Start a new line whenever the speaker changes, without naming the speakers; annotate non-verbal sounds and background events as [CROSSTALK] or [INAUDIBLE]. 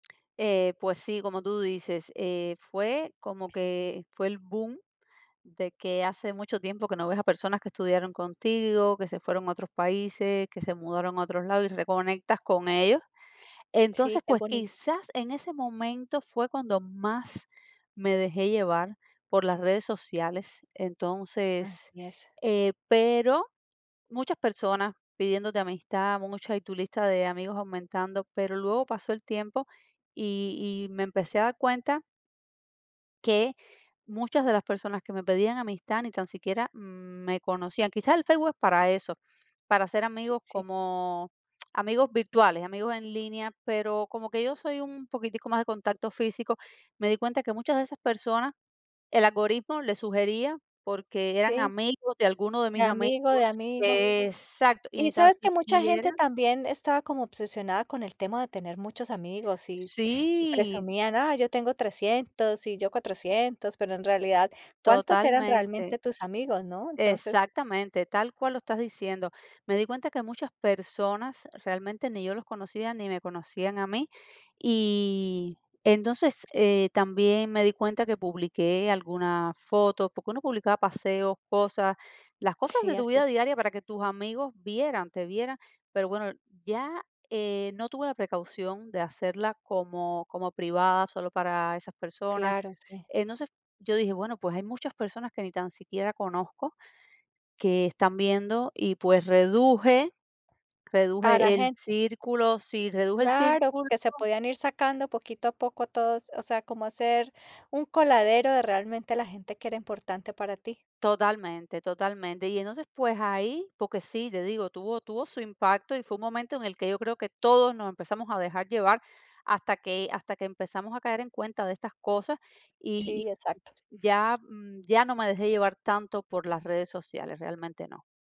Eh, pues sí, como tú dices, eh, fue como que fue el boom, de que hace mucho tiempo, que no ves a personas que estudiaron contigo, que se fueron a otros países, que se mudaron a otros lados, y reconectas con ellos.
Sí,
Entonces,
es
pues,
bonito.
quizás en ese momento, fue cuando más me dejé llevar por las redes sociales. Entonces,
Así es.
eh, pero, muchas personas pidiéndote amistad, muchas, y tu lista de amigos aumentando. Pero luego pasó el tiempo, y y me empecé a dar cuenta que muchas de las personas que me pedían amistad, ni tan siquiera me conocían. Quizás, el Facebook es para eso, para hacer
Sí,
amigos,
sí.
como [CLICKS TONGUE] amigos virtuales, amigos en línea. Pero, como que yo soy, un poquitico más de contacto físico. Me di cuenta, que muchas de esas personas, el algoritmo les sugería, porque eran
Sí.
amigos, de alguno de
De
mis amigos.
amigo, de amigo.
Exacto, y
Y,
ni tan
¿sabes?, que mucha
siquiera
gente también, estaba como obsesionada, con el tema de tener muchos amigos, y y
Sí.
presumían: "Ah, yo tengo 300. Y yo 400". Pero en realidad, ¿cuántos eran
Totalmente.
realmente tus amigos, no? Entonces
Exactamente, tal cual lo estás diciendo. Me di cuenta que muchas personas, realmente, ni yo los conocía, ni me conocían a mí. Y entonces, eh, también me di cuenta, que publiqué algunas fotos, porque uno publicaba paseos, cosas. Las cosas
Sí,
de tu
así
vida
es.
diaria, para que tus amigos vieran te vieran. Pero bueno, ya eh, no tuve la precaución, de hacerla como como privada, solo para esas personas.
Claro, si.
Entonces, yo dije: "Bueno, pues, hay muchas personas, que ni tan siquiera conozco, que están viendo. Y, pues reduje,
A la
reduje el
gente.
círculo Sí, reduje el
Claro,
círculo.
porque se podían ir sacando, poquito a poco todos. O sea, como hacer un coladero de realmente, la gente que era importante para ti.
Totalmente, totalmente. Y entonces, pues ahí, porque sí, te digo, tuvo tuvo su impacto. Y fue un momento, en el que yo creo, que todos nos empezamos a dejar llevar, hasta que hasta que empezamos a caer en cuenta de estas cosas. Y
Sí, exacto.
y ya ya no me dejé llevar tanto, por las redes sociales, realmente no.